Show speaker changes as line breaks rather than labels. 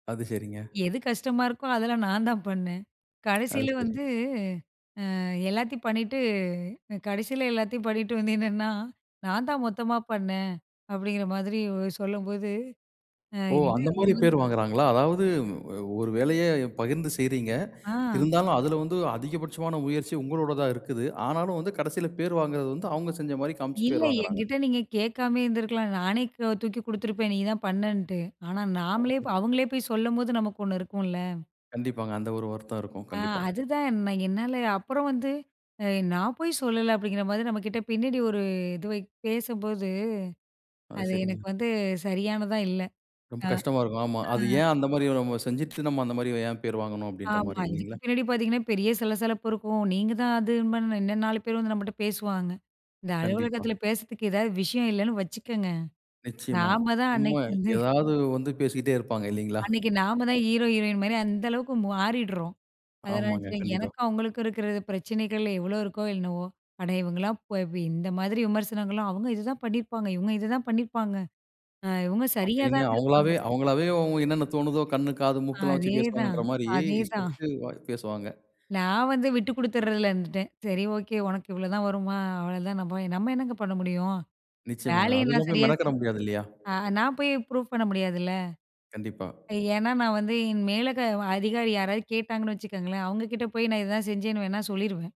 அது, சரிங்க.
எது கஷ்டமா இருக்கோ அதெல்லாம் நான் தான் பண்ணேன்.
அது
கடைசியில
சரி.
வந்து, ம் எல்லாத்தையும் பண்ணிட்டு கடைசியில எல்லாத்தையும் பண்ணிட்டு வந்து நின்னா, "நான் தான் மொத்தமா பண்ணேன்" அப்படிங்கிற மாதிரி சொல்லும்போது, அ
ஓ!
இது
அந்த
இது
மாரி பேரு
வந்து
வாங்குகிறாங்களா? அதாவது ஒரு வேலைய பகிர்ந்து செய்றீங்க.
அ.
இருந்தாலும் அதுல வந்து அதிகபட்சமான முயற்சி உங்களோடதா இருக்குது. ஆனாலும் வந்து கடசில பேரு வாங்குறது வந்து, அவுங்க செஞ்ச மாரி காமிச்சு
இல்ல.
பேர் வாங்குறாங்க.
என்கிட்ட நீங்க கேட்காமயே இருந்துருக்கலாம். நானே க தூக்கி குடுத்துருப்பேன் நீ தான் பண்ணன்ட்டு. ஆனா நாமளே
[unintelligible]
ப்ப அவுங்களே போய் சொல்லும்போது, நமக்கு ஒண்ணு இருக்கும்ல!
கண்டிப்பாங்க, அந்த ஒரு வருத்தம் இருக்கும்
ஆ
கண்டிப்பா.
அதுதான், நான் என்னால அப்புறம் வந்து "நான் போய் சொல்லலை" அப்படிங்கிற மாதிரி நம்மகிட்ட பின்னாடி ஒரு இது வை பேசும்போது,
ஆ,
அது
சரிங்க.
எனக்கு வந்து சரியானதா இல்ல.
ரொம்ப கஷ்டமா இருக்கும். ஆமா. அது
அ, ஆ.
ஏன் அந்த மாரி நம்ம செஞ்சுட்டு, நம்ம அந்த மாரி ஏன் பேரு வாங்கணும் அப்டின்ற
ஆமா.
மாரி
இதுக்கு
இல்லிங்களா?
பின்னாடி பாத்தீங்கன்னா, பெரிய சலசலப்பு இருக்கும். நீங்க தான் அதுன்ப இன்னும் 4 பேர் வந்து நம்மட்ட பேசுவாங்க. இந்த
கண்டிப்பா.
அலுவலகத்துல பேசறதுக்கு ஏதாவது விஷயம் இல்லைன்னு வச்சுக்கங்க,
நிச்சயமா,
நாம தான்
சும்மா,
அன்னைக்கு வந்து,
ஏதாவது வந்து பேசிக்கிட்டே இருப்பாங்க இல்லைங்களா?
அன்னைக்கு நாம தான் ஹீரோ, ஹீரோயின் மாரி அந்த அளவுக்கு மாறிடுறோம். அதனால
ஆமாங்க,
சரி
கண்டிப்பா.
எனக்கும் அவங்களுக்கும் இருக்கிறது பிரச்சனைகள் எவ்வளோ இருக்கோ என்னவோ, அட இவுங்கலாம் போய் போய், இந்த மாதிரி விமர்சனங்கள்லாம், "அவுங்க இதுதான் பண்ணிருப்பாங்க. இவுங்க இததான் பண்ணிருப்பாங்க. அ இவுங்க சரியா
அப்டின்னு
தான் இருந்துருப்பாங்க."
அவங்களாவே அவங்களாவே என்னன்ன தோணுதோ, கண்ணு, காது, மூக்கெல்லாம் வச்சு
அதேதான்,
பேசுவாங்கன்ற மாரி,
அதேதான்.
இஷ்டத்துக்கு வாய் பேசுவாங்க.
நான் வந்து விட்டு குடுத்துர்றதுல இருந்துட்டேன். சரி ஓகே, உனக்கு இவ்வளோதான் வருமா, அவ்வளதான். நம்ப நம்ம என்னங்க பண்ண முடியும்!
நிச்சயமாங்க.
வேலைய நான்
அதுக்கெல்லாம் போய்
சரியா
மெனக்கட
சென்
முடியாது இல்லையா?
ஆ நான் போயி ப்ரூஃப் பண்ண முடியாதுல்ல!
கண்டிப்பா.
ஏன்னா நான் வந்து என் மேல க அதிகாரி யாராவது கேட்டாங்கன்னு வச்சுக்கங்களேன், அவுங்க கிட்ட போய் நான் இதுதான் செஞ்சேன்னு வேணா சொல்லிருவேன்.